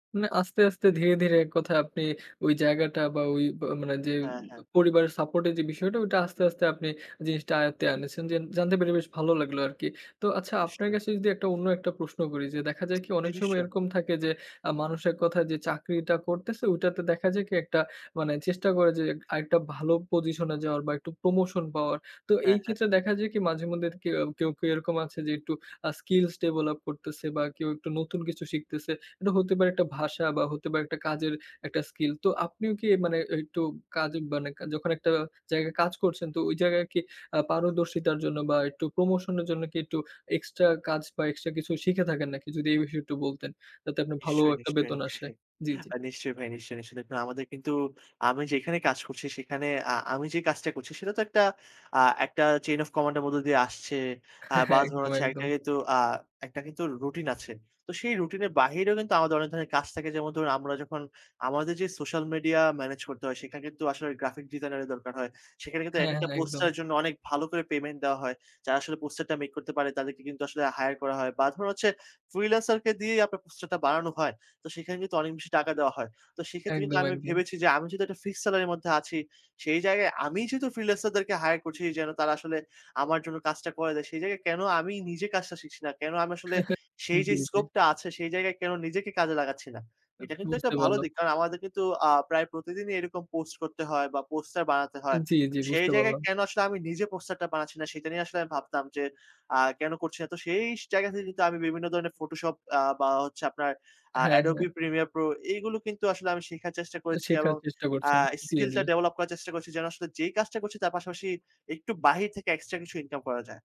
মানে আস্তে, আস্তে, ধীরে, ধীরে এক কথায় আপনি ওই জায়গাটা বা ঐ আ বা মানে যে হ্যাঁ, হ্যাঁ। পরিবারের support এর যে বিষয়টা ওটা আস্তে, আস্তে আপনি জিনিসটা আয়ত্তে এনেছেন। যে জানতে পেরে বেশ ভালো লাগলো আরকি। তো আচ্ছা আপনার নিশ্চয়ই। কাছে যদি একটা অন্য একটা প্রশ্ন করি যে দেখা যায় কি জী, অনেক সময় নিশ্চয়ই। এরকম থাকে যে আ মানুষের কথায় যে চাকরিটা করতেছে ঐটাতে দেখা যায় কি একটা মানে চেষ্টা করে যে আরেকটা ভালো position এ যাওয়ার বা একটু promotion পাওয়ার। তো এই হ্যাঁ, হ্যাঁ। ক্ষেত্রে দেখা যায় কি মাঝে মধ্যে কেউ কেউ, কেউ এরকম আছে যে একটু আ skills develop করতেছে বা কেউ একটু নতুন কিছু শিখতেছে। এটা হতে পারে একটা ভাষা বা হতে পারে একটা কাজের একটা skill। তো আপনিও কি মানে একটু কাজে মানে কা যখন একটা জায়গায় কাজ করছেন তো ওই জায়গায় কি আ পারদর্শিতার জন্য বা একটু promotion এর জন্য কি একটু extra কাজ বা extra কিছু শিখে থাকেন নাকি? যদি এই বিষয়ে একটু বলতেন, যাতে আপনার ভালো নিশ্চয়ই, একটা নিশ্চয়ই, বেতন আসে। নিশ্চয়ই। জী, জী। অ্যাঁ নিশ্চয়ই ভাই নিশ্চয়ই, নিশ্চয়ই। দেখুন আমাদের কিন্তু আমি যেখানে কাজ করছি সেখানে আ আমি যে কাজটা করছি সেটা তো একটা আ একটা chain of command এর মধ্য দিয়ে আসছে আ বা ধরুন একদম, হচ্ছে একদম। একটা কিন্তু আ একটা কিন্তু রুটিন আছে। তো সেই রুটিনের বাহিরেও কিন্তু আমাদের অনেক ধরনের কাজ থাকে; যেমন ধরুন আমরা যখন আমাদের যে social media manage করতে হয়, সেখানে কিন্তু আসলে graphic designer এর দরকার হয়। সেখানে কিন্তু হ্যাঁ, হ্যাঁ এক-একটা একদম। poster এর জন্য অনেক ভালো করে payment দেওয়া হয়। যারা আসলে poster টা make করতে পারে তাদেরকে কিন্তু আসলে hire করা হয় বা ধরুন হচ্ছে freelancer কে দিয়েই আপনার poster টা বানানো হয়। তো সেখানে কিন্তু অনেক বেশি টাকা দেওয়া হয়। তো সেক্ষেত্রে কিন্তু একদম, আমি একদম। ভেবেছি যে, "আমি যেহেতু একটা fixed salary এর মধ্যে আছি, সেই জায়গায় আমিই যেহেতু freelancer দেরকে hire করছি যেন তারা আসলে আমার জন্য কাজটা করে দেয়। সেই জায়গায় কেনো আমি নিজে কাজটা শিখছি না? কেনো আমি আসলে সেই যে জী, জী। scope টা আছে, সেই জায়গায় কেনো নিজেকে কাজে লাগাচ্ছি না?" এটা কিন্তু একটা বুঝতে ভালো পারলাম। দিক। কারণ আমাদের কিন্তু আ প্রায় প্রতিদিনই এরকম post করতে হয় বা poster বানাতে হয়। জী, জী। সেই বুঝতে জায়গায় পারলাম। কেনো আসলে আমি নিজে poster টা বানাচ্ছি না, সেটা নিয়ে আসলে আমি ভাবতাম যে আ কেন করছি না? তো সেই জায়গা থেকে কিন্তু আমি বিভিন্ন ধরনের Photoshop আ বা হচ্ছে আপনার আ হ্যাঁ, হ্যাঁ। Adobe Premiere Pro এগুলো কিন্তু আসলে আমি শেখার চেষ্টা করেছি শেখার এবং চেষ্টা আ করছেন। জী, skill টা জী। develop করার চেষ্টা করছি যেন আসলে যেই কাজটা করছি তার পাশাপাশি একটু বাহির থেকে extra কিছু income করা যায়।